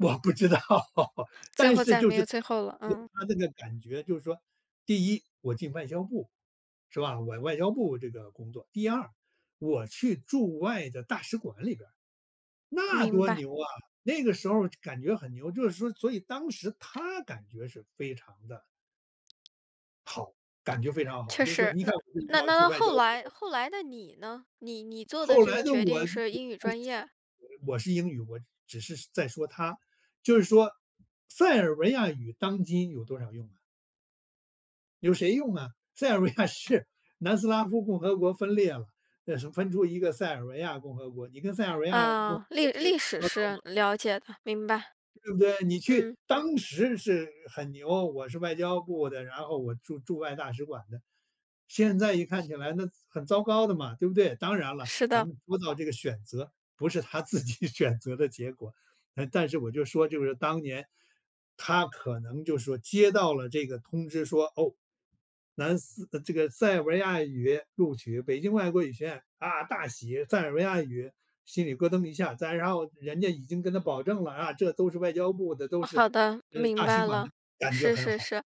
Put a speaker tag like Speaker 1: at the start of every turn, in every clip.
Speaker 1: 我不知道，
Speaker 2: 最
Speaker 1: 但
Speaker 2: 后
Speaker 1: 是
Speaker 2: 再
Speaker 1: 就
Speaker 2: 没
Speaker 1: 是
Speaker 2: 有
Speaker 1: 他
Speaker 2: 最后了，嗯。
Speaker 1: 他那个感觉就是说，第一我进外交部，是吧？我外交部这个工作。第二，我去驻外的大使馆里边儿，那
Speaker 2: 明
Speaker 1: 多
Speaker 2: 白。
Speaker 1: 牛啊。那个时候儿就感觉很牛，就是说所以当时他感觉是非常地好，感觉非常好，
Speaker 2: 确
Speaker 1: 就是说
Speaker 2: 实，
Speaker 1: "你
Speaker 2: 那
Speaker 1: 看，我
Speaker 2: 那
Speaker 1: 要
Speaker 2: 那
Speaker 1: 去
Speaker 2: 那
Speaker 1: 外交
Speaker 2: 后
Speaker 1: 部"。
Speaker 2: 来后来的你呢？你你做的
Speaker 1: 后
Speaker 2: 这
Speaker 1: 来
Speaker 2: 个
Speaker 1: 呢，
Speaker 2: 决
Speaker 1: 我，
Speaker 2: 定是英语专业？
Speaker 1: 我是英语，我只是在说他。就是说，塞尔维亚语当今有多少用呢？有谁用啊，塞尔维亚是南斯拉夫共和国分裂了，那是分出一个塞尔维亚共和国，你跟塞尔维亚共和
Speaker 2: 啊，历
Speaker 1: 国去打
Speaker 2: 历史
Speaker 1: 交道
Speaker 2: 是
Speaker 1: 吗？
Speaker 2: 了解的，明白。
Speaker 1: 对不对？你去
Speaker 2: 嗯。
Speaker 1: 当时是很牛，“我是外交部的，然后我驻驻外大使馆的”，现在一看起来那糟很糟糕的嘛，对不对？当然了，
Speaker 2: 是
Speaker 1: 咱
Speaker 2: 的。
Speaker 1: 们说到这个选择，不是他自己选择的结果，那但是我就说就是当年，他可能就是说接到了这个通知说，哦，南斯呃，这个塞尔维亚语录取，北京外国语学院，啊，大喜。塞尔维亚语心里咯噔一下。再然后人家已经跟他保证了啊，这都是外交部的，都
Speaker 2: 啊，
Speaker 1: 是，
Speaker 2: 好的，
Speaker 1: 呃，
Speaker 2: 明
Speaker 1: 大使
Speaker 2: 白
Speaker 1: 馆
Speaker 2: 了。
Speaker 1: 的，感觉
Speaker 2: 是
Speaker 1: 很
Speaker 2: 是
Speaker 1: 好，
Speaker 2: 是。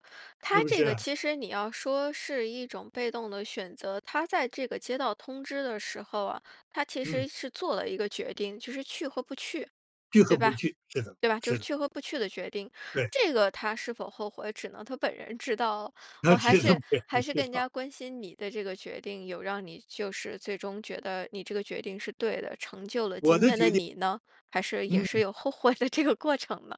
Speaker 1: 是
Speaker 2: 他
Speaker 1: 不
Speaker 2: 这个
Speaker 1: 是？
Speaker 2: 其实你要说是一种被动的选择，他在这个接到通知的时候啊，他其
Speaker 1: 嗯。
Speaker 2: 实是做了一个决定，就是去和不去，
Speaker 1: 去和
Speaker 2: 对
Speaker 1: 不
Speaker 2: 吧？
Speaker 1: 去，是的，
Speaker 2: 对吧？就
Speaker 1: 是
Speaker 2: 是
Speaker 1: 的。
Speaker 2: 去和不去的决定。
Speaker 1: 对。
Speaker 2: 这个他是否后悔，只能他本人知道了。
Speaker 1: 他
Speaker 2: 我还
Speaker 1: 知道，
Speaker 2: 是
Speaker 1: 肯
Speaker 2: 还
Speaker 1: 定
Speaker 2: 是
Speaker 1: 知
Speaker 2: 更
Speaker 1: 道。
Speaker 2: 加关心你的这个决定，有让你就是最终觉得你这个决定是对的，成就了
Speaker 1: 我
Speaker 2: 今
Speaker 1: 的
Speaker 2: 天的
Speaker 1: 决定，
Speaker 2: 你呢？还是也是
Speaker 1: 嗯。
Speaker 2: 有后悔的这个过程呢？